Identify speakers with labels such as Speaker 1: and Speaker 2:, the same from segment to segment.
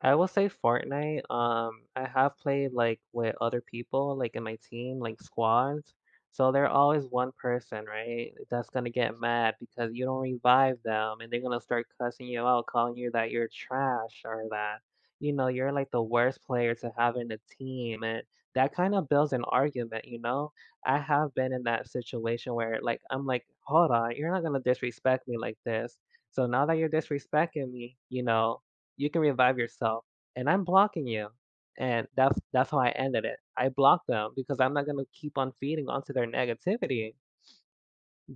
Speaker 1: I will say Fortnite, um, I have played, like, with other people, like, in my team, like, squads, so they're always one person, right, that's gonna get mad because you don't revive them, and they gonna start cussing you out, calling you that you're trash or that, you know, you're like, the worst player to have in a team and that kind of builds an argument, you know. I have been in that situation where like, I'm like, "Hold on, you're not gonna disrespect me like this, so now that you're disrespecting me, you know, you can revive yourself and I'm blocking you," and that's that's how I ended it. I blocked them because I'm not gonna keep on feeding onto their negativity.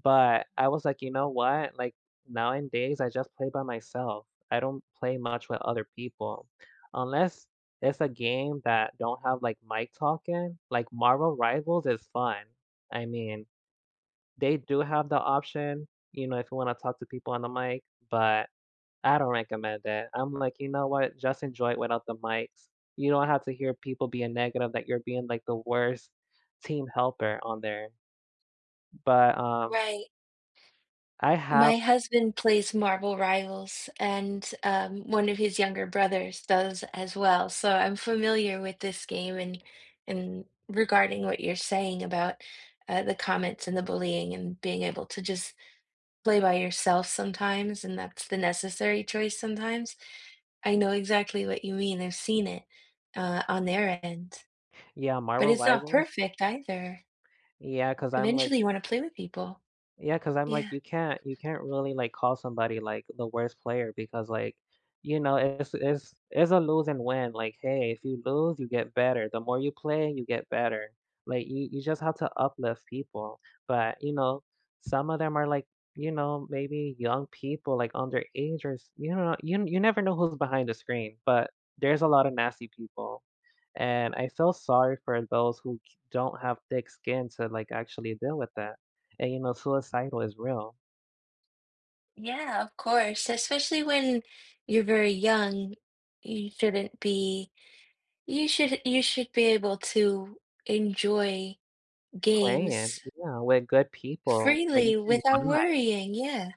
Speaker 1: But, I was like, "You know what?" Like, nowadays, I just play by myself. I don't play much with other people, unless it's a game that don't have like mic talking, like Marvel Rivals is fun, I mean, they do have the option, you know, if you wanna talk to people on the mic, but I don't recommend it, I'm like, "You know what? Just enjoy it without the mics." You don't have to hear people being negative that you're being, like, the worst team helper on there. But, um
Speaker 2: Right.
Speaker 1: I
Speaker 2: My
Speaker 1: have
Speaker 2: husband plays Marvel Rivals, and, um, one of his younger brothers does as well, so I'm familiar with this game and and regarding what you're saying about, uh, the comments and the bullying and being able to just play by yourself sometimes, and that's the necessary choice sometimes, I know exactly what you mean, I've seen it, uh, on their end,
Speaker 1: Yeah,
Speaker 2: but
Speaker 1: Marvel
Speaker 2: it's not
Speaker 1: Rivals
Speaker 2: perfect either.
Speaker 1: Yeah, 'cause I'm like
Speaker 2: Eventually, you wanna play with people.
Speaker 1: Yeah, 'cause I'm like,
Speaker 2: Yeah.
Speaker 1: you can't you can't really like, call somebody, like, the worst player because, like, you know, it's it's it's a lose and win, like, hey, if you lose, you get better. The more you play, you get better, like, y you just have to uplift people, but, you know, some of them are like, you know, maybe young people like underage or s you don't kno you n you never know who's behind the screen, but there's a lotta nasty people, and I feel sorry for those who d don't have thick skin to like, actually deal with that, and you know suicidal is real.
Speaker 2: Yeah, of course, especially when you're very young, you shouldn't be you should you should be able to enjoy
Speaker 1: Playing,
Speaker 2: games
Speaker 1: yeah, with good people that you
Speaker 2: freely
Speaker 1: can
Speaker 2: without
Speaker 1: vibe.
Speaker 2: worrying, yeah.